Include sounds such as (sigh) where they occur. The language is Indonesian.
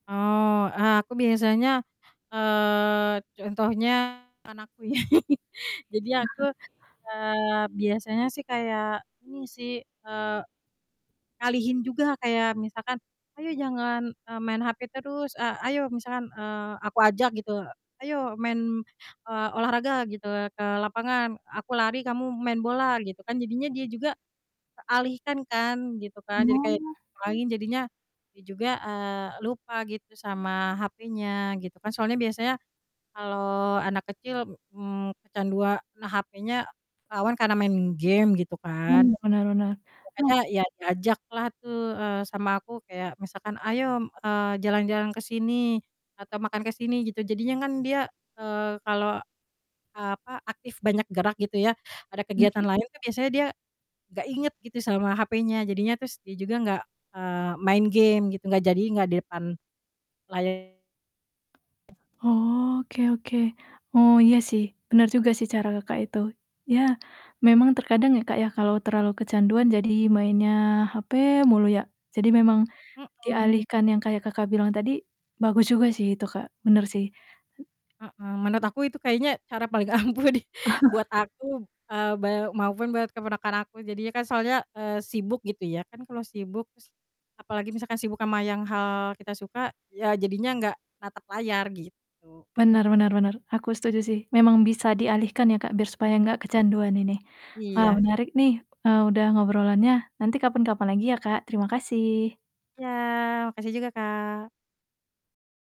Oh, eee, aku biasanya, eee, contohnya anakku ya. (chuckles) Jadi aku, eee, biasanya sih kayak ini sih, eee, ngalihin juga kayak misalkan, "Ayo jangan," eee, "main hape terus. A ayo-" Misalkan, eee, aku ajak gitu, "Ayo main," eee, "olahraga," gitu ya, "ke lapangan. Aku lari kamu main bola." Gitu kan, jadinya dia juga teralihkan kan gitu kan, jadi kayak Oh. main, jadinya dia juga, eee, lupa gitu sama hapenya gitu kan soalnya biasanya kalau anak kecil, mmm, kecandua nah hapenya rawan karena mainin game gitu kan. Mmm, bener bener. Oh Makanya iya diajaklah tuh, eee, sama aku kayak misalkan, "Ayo," mmm, eee, "jalan-jalan ke sini atau makan ke sini." Gitu jadinya kan dia, eee, kalau, eee, apa, aktif banyak gerak gitu ya ada kegiatan Mhm. lain kan biasanya dia gak inget gitu sama hapenya, jadinya terus dia juga gak, eee, main game gitu, gak jadinya gak di depan layar. Oke oke. Oh, iya sih. Bener juga sih cara Kakak itu. Iya memang terkadang ya, Kak, ya kalau terlalu kecanduan jadi mainnya hape mulu ya. Jadi memang Mhm. dialihkan yang kayak Kakak bilang tadi, bagus juga sih itu, Kak. Bener sih. Hmm Mhm. Menurut aku itu kayaknya cara paling ampuh di buat (chuckles) aku, eee, beu maupun buat keponakan aku. Jadinya kan soalnya, eee, sibuk gitu ya. Kan kalau sibuk terus apalagi misalkan sibuk sama yang hal kita suka iya jadinya enggak natap layar gitu. Benar benar benar. Aku setuju sih. Memang bisa dialihkan ya, Kak, biar supaya enggak kecanduan ini. Wah, Iya. menarik nih, eee, udah ngobrolannya. Nanti kapan-kapan lagi ya, Kak. Terimakasih. Iya makasih juga, Kak.